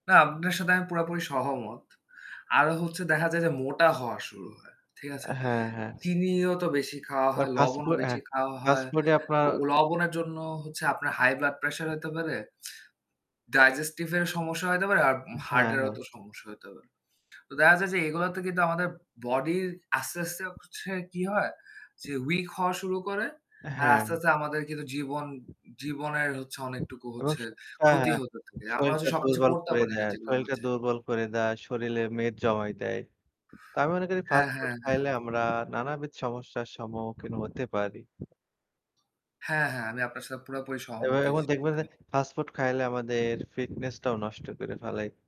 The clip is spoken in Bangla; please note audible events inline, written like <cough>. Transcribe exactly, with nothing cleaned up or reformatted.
না আপনার সাথে আমি পুরাপুরি সহমত। আরো হচ্ছে দেখা যায় যে মোটা হওয়া শুরু হয়। ঠিক আছে? আ হ্যাঁ, হ্যাঁ। চিনিও তো বেশি খাওয়া বা হয়, ফাস্ট লবণও ফুড এ বেশি খাওয়া ফাস্ট হয়। ফুড এ আপনার ও লবণের জন্য হচ্ছে আপনার হাই ব্লাড প্রেশার হতে পারে, ডাইজেস্টিভ এর সমস্যা হতে পারে আর হ্যাঁ, হার্টেরও হ্যাঁ। তো সমস্যা হতে পারে। তো দেখা যায় যে এগুলোতে কিন্তু আমাদের বডির আস্তে, আস্তে হচ্ছে কি হয়, যে weak হওয়া শুরু করে। আর হ্যাঁ। আস্তে, আস্তে আমাদের কিন্তু জীবন জীবনের হচ্ছে অনেকটুকু এবং হচ্ছে শরীর, ক্ষতি হ্যাঁ। হতে থাকে। আমরা শরিল টা হচ্ছে সবকিছু দুর্বল করতে করে পারি না দেয়। যেগুলো শরিল আমরা টা চাই। দুর্বল করে দেয়। শরিলে মেদ জমাই দেয়। তো আমি মনে করি হ্যাঁ, ফাস্ট ফুড হ্যাঁ, হ্যাঁ। খাইলে আমরা নানাবিধ সমস্যার সম্মুখীন হতে পারি। হ্যাঁ, হ্যাঁ আমি আপনার সাথে পুরাপুরি এবার সহমত এর এই মধ্যে দেখবেন জিনিসটার যে <unintelligible> ফাস্ট ফুড খাইলে আমাদের ফিটনেস টাও নষ্ট করে ফেলাই।